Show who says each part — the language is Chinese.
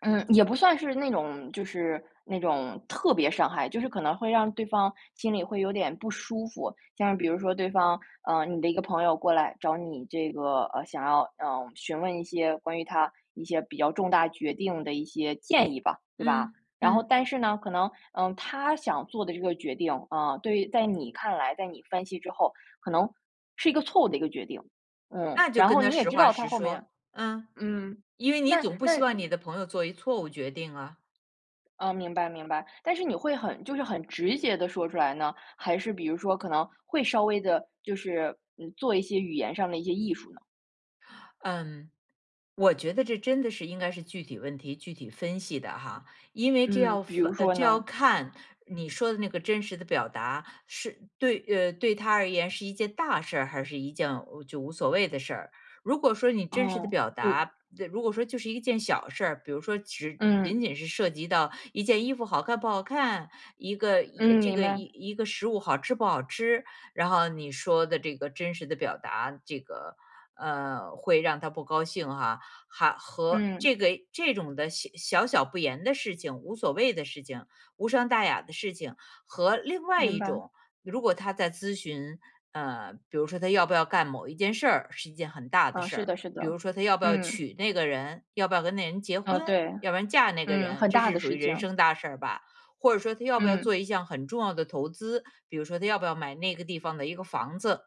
Speaker 1: 嗯，也不算是那种就是那种特别伤害，就是可能会让对方心里会有点不舒服。像比如说对方嗯，你的一个朋友过来找你这个呃，想要，嗯，询问一些关于他一些比较重大决定的一些建议吧。对吧，
Speaker 2: 嗯，
Speaker 1: 然后
Speaker 2: 嗯。
Speaker 1: 但是呢可能，嗯，他想做的这个决定，嗯，对于在你看来，在你分析之后，可能是一个错误的一个决定，嗯，
Speaker 2: 那就
Speaker 1: 然
Speaker 2: 跟
Speaker 1: 后
Speaker 2: 他
Speaker 1: 你也
Speaker 2: 实
Speaker 1: 知
Speaker 2: 话
Speaker 1: 道他
Speaker 2: 实
Speaker 1: 后
Speaker 2: 说，
Speaker 1: 面
Speaker 2: 嗯。
Speaker 1: 嗯，
Speaker 2: 因为你
Speaker 1: 那
Speaker 2: 总不希
Speaker 1: 那
Speaker 2: 望你的朋友做一错误决定啊。
Speaker 1: 哦，明白明白。但是你会很就是很直接地说出来呢？还是比如说可能会稍微地就是做一些语言上的一些艺术呢？
Speaker 2: 嗯，我觉得这真的是应该是具体问题具体分析的哈，因为这
Speaker 1: 嗯，
Speaker 2: 要
Speaker 1: 比如
Speaker 2: 发
Speaker 1: 说
Speaker 2: 这要
Speaker 1: 呢？
Speaker 2: 看你说的那个真实的表达，是对呃，对他而言是一件大事儿，还是一件就无所谓的事儿。如果说你真实的
Speaker 1: 哦，
Speaker 2: 表
Speaker 1: 有
Speaker 2: 达如果说就是一件小事儿，比如说只仅
Speaker 1: 嗯。
Speaker 2: 仅是涉及到一件衣服好看不好看，一个
Speaker 1: 嗯，
Speaker 2: 这
Speaker 1: 明
Speaker 2: 个
Speaker 1: 白。
Speaker 2: 一个食物好吃不好吃，然后你说的这个真实的表达这个呃，会让他不高兴哈。还和
Speaker 1: 嗯。
Speaker 2: 这个这种的小小不言的事情，无所谓的事情，无伤大雅的事情，和另外
Speaker 1: 明
Speaker 2: 一
Speaker 1: 白。
Speaker 2: 种如果他在咨询，呃，比如说他要不要干某一件事儿，是一件很大的
Speaker 1: 啊，
Speaker 2: 事
Speaker 1: 是
Speaker 2: 儿。
Speaker 1: 的是
Speaker 2: 比
Speaker 1: 的，
Speaker 2: 如说他要不要
Speaker 1: 嗯。
Speaker 2: 娶那个人，要不要跟那个人结婚，
Speaker 1: 嗯，对。
Speaker 2: 要不要嫁那个
Speaker 1: 嗯，
Speaker 2: 人，
Speaker 1: 很
Speaker 2: 这
Speaker 1: 大
Speaker 2: 是
Speaker 1: 的
Speaker 2: 属于
Speaker 1: 事
Speaker 2: 人
Speaker 1: 情。
Speaker 2: 生大事儿吧。或者说他要不要做
Speaker 1: 嗯。
Speaker 2: 一项很重要的投资，比如说他要不要买那个地方的一个房子。